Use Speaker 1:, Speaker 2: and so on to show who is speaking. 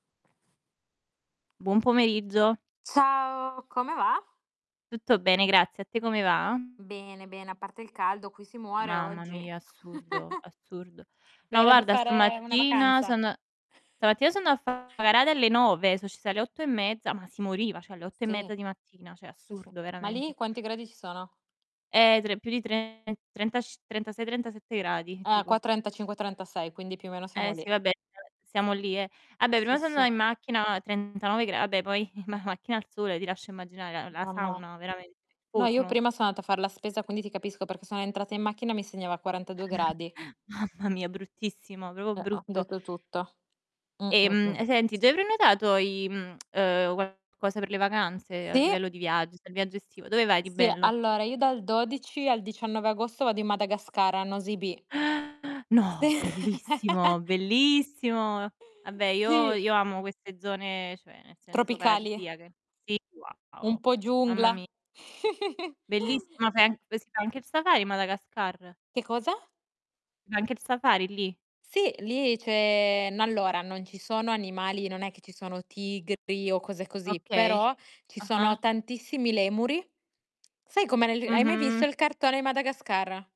Speaker 1: Buon pomeriggio.
Speaker 2: Ciao, come va?
Speaker 1: Tutto bene grazie, a te come va?
Speaker 2: Bene, bene. A parte il caldo, qui si muore
Speaker 1: Mamma
Speaker 2: oggi.
Speaker 1: mia, assurdo, assurdo.
Speaker 2: È
Speaker 1: No,
Speaker 2: ora di
Speaker 1: guarda
Speaker 2: fare una
Speaker 1: stamattina
Speaker 2: vacanza.
Speaker 1: son stamattina so andata a fare una gara alle 9, so' ci sa alle 8 e mezza, ma si moriva, cioè alle 8 e
Speaker 2: Sì.
Speaker 1: mezza di mattina, cioè
Speaker 2: Sì, sì.
Speaker 1: assurdo
Speaker 2: Ma lì
Speaker 1: veramente.
Speaker 2: quanti gradi ci sono?
Speaker 1: Eh, tre più di 3, trentac 36, 37 gradi
Speaker 2: Eh,
Speaker 1: tipo.
Speaker 2: qua 35, 36, quindi più o meno siamo
Speaker 1: Eh sì,
Speaker 2: lì.
Speaker 1: vabbè, s siamo lì, eh. Vabbè, prima
Speaker 2: Sì,
Speaker 1: sono andata
Speaker 2: sì.
Speaker 1: in macchina 39 gra vabbè poi in ma macchina al sole ti lascio immaginare l la
Speaker 2: No, no.
Speaker 1: sauna veramente,
Speaker 2: No, io
Speaker 1: forno.
Speaker 2: prima sono andata a far la spesa, quindi ti capisco perché sono entrata in macchina e mi segnava 42 gradi.
Speaker 1: Mamma mia bruttissimo, proprio
Speaker 2: Eh, ho
Speaker 1: brutto.
Speaker 2: detto tutto. Mh, mh,
Speaker 1: Ehm,
Speaker 2: mh.
Speaker 1: senti, ti hai prenotato i mhmm, uhm, qualcosa per le vacanze a
Speaker 2: Sì!
Speaker 1: livello di viaggi, del viaggio estivo? Dove vai di
Speaker 2: Sì,
Speaker 1: bello?
Speaker 2: allora io dal 12 al 19 agosto vado in Madagascar, a Nosy Be.
Speaker 1: Eh!
Speaker 2: Sì.
Speaker 1: No! Bellissimo! Bellissimo! Vabbè io
Speaker 2: Sì.
Speaker 1: io amo queste zone, cioè, nel senso
Speaker 2: Tropicali.
Speaker 1: paradisiache. Sì, wow,
Speaker 2: Un po'
Speaker 1: mamma
Speaker 2: giungla.
Speaker 1: mi Bellissima, fai anche sa anche il Safari in Madagascar?
Speaker 2: Che cosa?
Speaker 1: C'è anche il Safari lì?
Speaker 2: Sì lì c'è n allora, non ci sono animali, non è che ci sono tigri o cose così,
Speaker 1: Okay,
Speaker 2: però ci sono
Speaker 1: ah-ah.
Speaker 2: tantissimi lemuri. Sai come l hai mai visto
Speaker 1: Mh-mh.
Speaker 2: il cartone Madagascar?